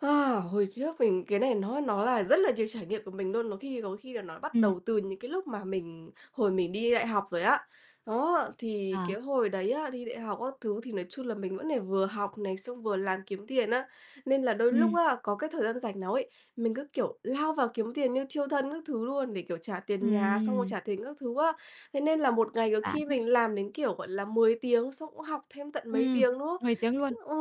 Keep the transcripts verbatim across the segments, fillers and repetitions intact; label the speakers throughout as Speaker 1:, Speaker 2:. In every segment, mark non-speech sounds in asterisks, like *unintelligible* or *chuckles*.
Speaker 1: A, hồi trước mình cái này nó nó là rất là nhiều trải nghiệm của mình luôn, nó khi có khi là nó bắt
Speaker 2: Ừm.
Speaker 1: đầu từ những cái lúc mà mình hồi mình đi đại học rồi á. Đó, thì cái
Speaker 2: À.
Speaker 1: hồi đấy á, đi đại học các thứ thì nói chung là mình vẫn phải vừa học này, xong vừa làm kiếm tiền á, nên là đôi lúc
Speaker 2: Ừm.
Speaker 1: á có cái thời gian rảnh nào ấy, mình cứ, kiểu, lao vào kiếm tiền như thiêu thân các thứ luôn, để, kiểu, trả tiền nhà, xong rồi
Speaker 2: Ừm!
Speaker 1: trả tiền các thứ á. Thế nên là một ngày
Speaker 2: *unintelligible*
Speaker 1: có
Speaker 2: Vả
Speaker 1: khi
Speaker 2: thế!
Speaker 1: mình làm đến, kiểu, gọi là, mười tiếng, xong cũng học thêm tận mấy
Speaker 2: Ừm.
Speaker 1: tiếng nữa. *unintelligible*
Speaker 2: mười tiếng luôn.
Speaker 1: Ừ,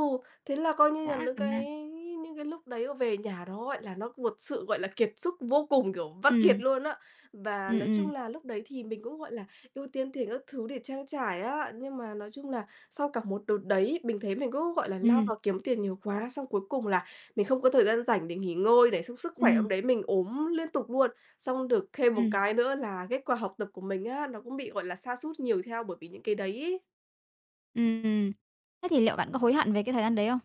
Speaker 1: thế là coi như là
Speaker 2: Dã
Speaker 1: lững
Speaker 2: cả man!
Speaker 1: cái những cái lúc đấy về nhà đó gọi là nó một sự, gọi là, kiệt sức vô cùng, kiểu, vắt kiệt
Speaker 2: Ừm.
Speaker 1: luôn á. Và
Speaker 2: Ừm,
Speaker 1: nói chung
Speaker 2: ừm.
Speaker 1: là lúc đấy thì mình cũng, gọi là, ưu tiên tiền các thứ để trang trải á, nhưng mà nói chung là sau cả một đợt đấy bình thấy mình cứ, gọi là, lao
Speaker 2: Ừm.
Speaker 1: vào kiếm tiền nhiều quá, xong cuối cùng là mình không có thời gian rảnh để nghỉ ngơi, để xong sức khỏe hôm
Speaker 2: Ừm.
Speaker 1: đấy mình ốm liên tục luôn. Xong được thêm một
Speaker 2: Ừm.
Speaker 1: cái nữa là kết quả học tập của mình á, nó cũng bị, gọi là, sa sút nhiều theo bởi vì những cái đấy ấy.
Speaker 2: Ừm, ừm. Thế thì liệu bạn có hối hận về cái thời gian đấy hông?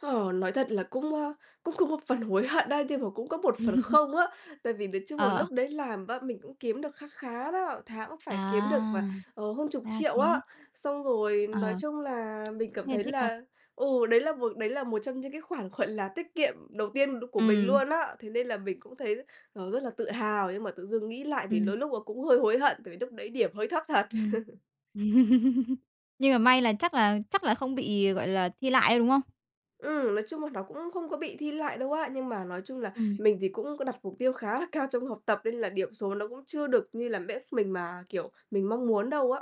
Speaker 1: Ờ, nói thật là cũng, ơ, cũng cũng một phần hối hận á, nhưng mà cũng có một phần
Speaker 2: *chuckles*
Speaker 1: không á, tại vì nói chung là
Speaker 2: Ờ, ờ.
Speaker 1: lúc đấy làm bá mình cũng kiếm được kha khá đó, tháng cũng phải kiếm được
Speaker 2: À!
Speaker 1: vài, ờ, hơn chục
Speaker 2: Ra
Speaker 1: triệu á.
Speaker 2: thế.
Speaker 1: Xong rồi nói
Speaker 2: Ờ.
Speaker 1: chung là mình cảm
Speaker 2: Nghe
Speaker 1: thấy
Speaker 2: thích thật.
Speaker 1: là, ừ, đấy là một đấy là một trong những cái khoản, gọi là, tiết kiệm đầu tiên được của mình
Speaker 2: Ừm.
Speaker 1: luôn á, thế nên là mình cũng thấy, ờ, rất là tự hào. Nhưng mà tự dưng nghĩ lại thì đôi
Speaker 2: Ừm.
Speaker 1: lúc là cũng hơi hối hận, tại vì lúc đấy điểm hơi thấp thật.
Speaker 2: Ừm.
Speaker 1: *chuckles*
Speaker 2: *chuckles* Nhưng mà may là chắc là chắc là không bị, gọi là, thi lại đâu, đúng không?
Speaker 1: Ừm, nói chung là nó cũng không có bị thi lại đâu á, nhưng mà nói chung là
Speaker 2: Ừm.
Speaker 1: mình thì cũng có đặt mục tiêu khá là cao trong học tập, nên là điểm số nó cũng chưa được như là mét mình mà, kiểu, mình mong muốn đâu á.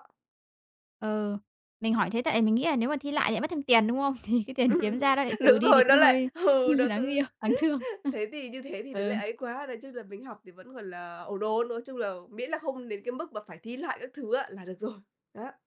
Speaker 2: Ờ. Mình hỏi thế tại vì mình nghĩ là nếu mà thi lại lại mất thêm tiền, đúng không? Thì cái tiền kiếm ra
Speaker 1: *chuckles*
Speaker 2: nó lại
Speaker 1: Đúng
Speaker 2: trừ đi thì
Speaker 1: rồi,
Speaker 2: cũng
Speaker 1: nó lại
Speaker 2: hơi
Speaker 1: ừ, đó
Speaker 2: *laughs* đáng
Speaker 1: tứ
Speaker 2: yêu đáng thương.
Speaker 1: *laughs* thế thì như thế thì
Speaker 2: Ơ.
Speaker 1: nó lại
Speaker 2: Ờ.
Speaker 1: ấy quá. Nói chung là mình học thì vẫn còn là ổn ổn, nói chung là miễn là không đến cái mức mà phải thi lại các thứ á là được rồi. Đó.